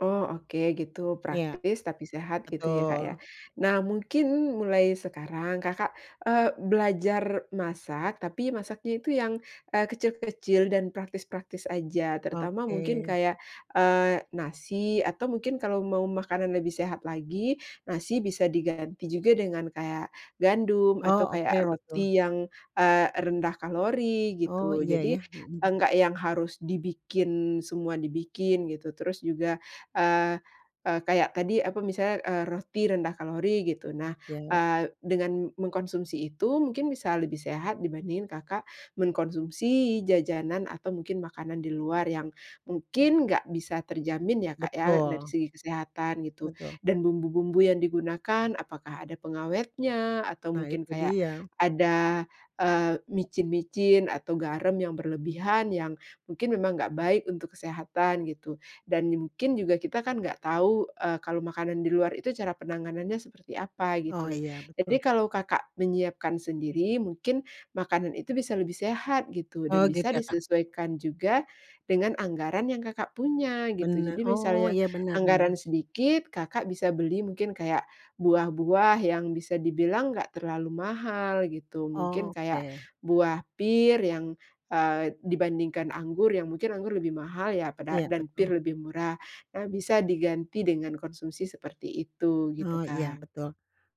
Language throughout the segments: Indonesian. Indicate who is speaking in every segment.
Speaker 1: Oh, oke gitu
Speaker 2: Iya.
Speaker 1: praktis tapi sehat gitu ya, Kak, ya.
Speaker 2: Betul.
Speaker 1: Nah mungkin mulai sekarang Kakak, eee, belajar masak, tapi masaknya itu yang, eee, kecil-kecil dan praktis-praktis aja terutama mungkin
Speaker 2: Oke.
Speaker 1: kaya, eee, nasi atau mungkin kalau mau makanan lebih sehat lagi, nasi bisa diganti juga dengan kayak gandum atau
Speaker 2: Oh,
Speaker 1: kayak
Speaker 2: oke betul.
Speaker 1: roti yang, eee, rendah kalori
Speaker 2: Oh,
Speaker 1: gitu.
Speaker 2: iya ya,
Speaker 1: Jadi
Speaker 2: mhm.
Speaker 1: enggak yang harus dibikin, semua dibikin gitu. Terus juga, eee eee, kayak tadi apa misalnya, eee, roti rendah kalori gitu. Nah,
Speaker 2: Yap.
Speaker 1: eee, dengan mengkonsumsi itu mungkin bisa lebih sehat dibandingin Kakak mengkonsumsi jajanan atau mungkin makanan di luar yang mungkin gak bisa terjamin ya, Kak, ya dari
Speaker 2: Betul.
Speaker 1: segi kesehatan, gitu.
Speaker 2: Betul.
Speaker 1: Dan bumbu-bumbu yang digunakan apakah ada pengawetnya atau
Speaker 2: Nah
Speaker 1: mungkin
Speaker 2: itu
Speaker 1: kayak
Speaker 2: dia.
Speaker 1: ada, eee, micin-micin atau garam yang berlebihan yang mungkin memang gak baik untuk kesehatan gitu, dan mungkin juga kita kan gak tau, eee, kalau makanan di luar itu cara penanganannya seperti apa
Speaker 2: Oh,
Speaker 1: gitu.
Speaker 2: iya
Speaker 1: Jadi
Speaker 2: betul.
Speaker 1: kalau Kakak menyiapkan sendiri mungkin makanan itu bisa lebih sehat gitu,
Speaker 2: Oh,
Speaker 1: dan
Speaker 2: gitu
Speaker 1: bisa
Speaker 2: ya, Kak.
Speaker 1: disesuaikan juga dengan anggaran yang Kakak punya gitu, jadi
Speaker 2: Bener. Oh,
Speaker 1: misalnya
Speaker 2: iya bener
Speaker 1: anggaran
Speaker 2: bener.
Speaker 1: sedikit, Kakak bisa beli mungkin kayak buah-buah yang bisa dibilang gak terlalu mahal gitu, mungkin
Speaker 2: Oh,
Speaker 1: kayak
Speaker 2: oke.
Speaker 1: buah pir yang, eee, dibandingkan anggur yang mungkin anggur lebih mahal ya pada
Speaker 2: Iya
Speaker 1: dan
Speaker 2: betul.
Speaker 1: pir lebih murah. Nah, bisa diganti dengan konsumsi seperti itu
Speaker 2: Oh,
Speaker 1: gitu,
Speaker 2: iya,
Speaker 1: Kak.
Speaker 2: betul.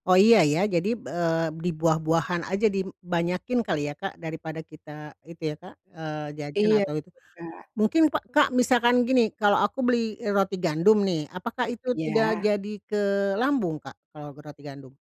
Speaker 2: Oh iya, ya. Jadi, eee, di buah-buahan aja di banyakin kali ya, Kak, daripada kita itu ya, Kak, eee, jajan
Speaker 1: Iya,
Speaker 2: atau itu.
Speaker 1: Kak.
Speaker 2: Mungkin pak Kak, misalkan gini kalau aku beli roti gandum nih, apakah itu tidak
Speaker 1: Iya.
Speaker 2: jadi ke lambung, Kak, kalau roti gandum?